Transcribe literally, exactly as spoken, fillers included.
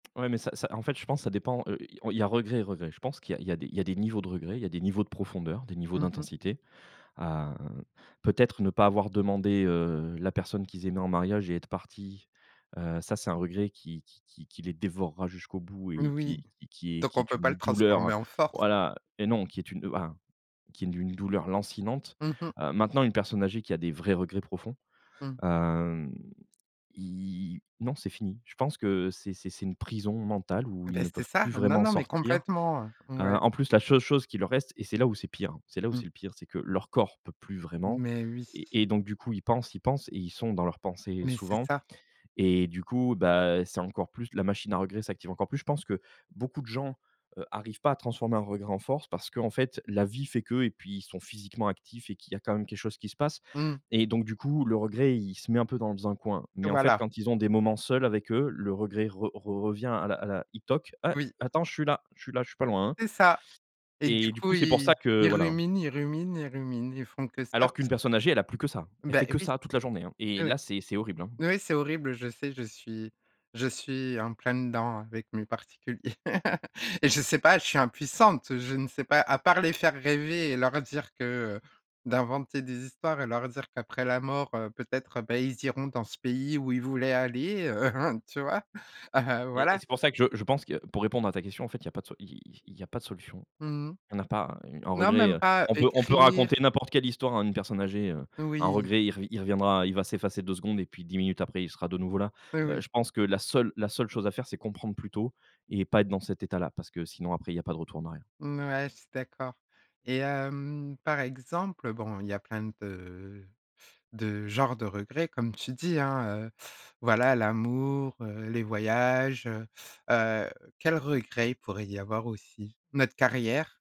Ouais mais ça ça, en fait je pense ça dépend, heu, il y a regret et regret. Je pense qu'il y a il y a des des niveaux de regrets, il y des niveaux de profondeur, des niveaux Mmh mh. d'intensité, heu, peut-être ne pas avoir demandé, heu, la personne qu'ils aimaient en mariage et être partis, heu, ça c'est un regret qui qui qui qui les dévorera jusqu'au bout Mmh et oui, qui qui qui est donc qui on est peut pas une le transformer douleur, en force? voilà et non qui est une, heu un qui est d'une douleur lancinante, Mmh mh. heu. Maintenant une personne âgée qui a des vrais regrets profonds, Mmh. hem, ils non c'est fini. Je pense que c'est c'est c'est une prison mentale où ils Bah ne c'est peuvent ça. plus Non, vraiment non, mais sortir, complètement, heu! heu, Ouais. en plus la cheule chose qui leur reste, et c'est là où c'est pire c'est là où Mmh. c'est le pire, c'est que leur corps peut plus vraiment, Mais oui! et et donc du coup ils pensent, ils pensent et ils sont dans leurs pensées Mais c'est souvent ça. et du coup bah, c'est encore plus la machine à regret s'active encore plus. Je pense que beaucoup de gens, heu, arrivent pas à transformer un regret en force, parce qu'en fait la vie fait que, et puis ils sont physiquement actifs et qu'il y a quand même quelque chose qui se passe Mmh. et donc du coup le regret il se met un peu dans un coin. Mais en fait Voilà. quand ils ont des moments seuls avec eux, le regret re re revient à la à la il toc: «A Oui. attends je suis là je suis là, je suis pas loin, hein» C'est ça, et du et du coup, coup c'est pour ils ça que, ils voilà, hein ruminent, ils ruminent, ils ruminent, ils font que ça. alors qu'une Parce personne âgée, elle a plus que ça, que elle bah, fait que oui! ça toute la journée hein, et Ouais, là, c'est c'est horrible, hein. ouais, c'est horrible, je sais, je suis je suis en plein dedans avec mes particuliers, et je sais pas, je suis impuissante, je ne sais pas, à part les faire rêver et leur dire que d'inventer des histoires et leur dire qu'après la mort, heu, peut-être, heu, bah, ils iront dans ce pays où ils voulaient aller, heu, tu vois? Heu, Et et voilà. c'est pour ça que je je pense que pour répondre à ta question, en fait il y a pas de so il il y a pas de solution. Mmh mh. On n'a pas un Non regret, même pas, on peut on peut écrire raconter n'importe quelle histoire à une personne âgée, un Oui! regret il re il reviendra, il va s'effacer deux secondes et puis dix minutes après il sera de nouveau là, Ouais, heu. oui. Je pense que la seule la seule chose à faire c'est comprendre plutôt et pas être dans cet état là. Parce que sinon après il y a pas de retour en arrière. Mmh ouais, je suis d'accord et hem, par exemple, bon, il y a plein de de genres de regrets comme tu dis, hein, heu, voilà l'amour, heu, les voyages, heu heu quels regrets il pourrait y avoir aussi? Notre carrière!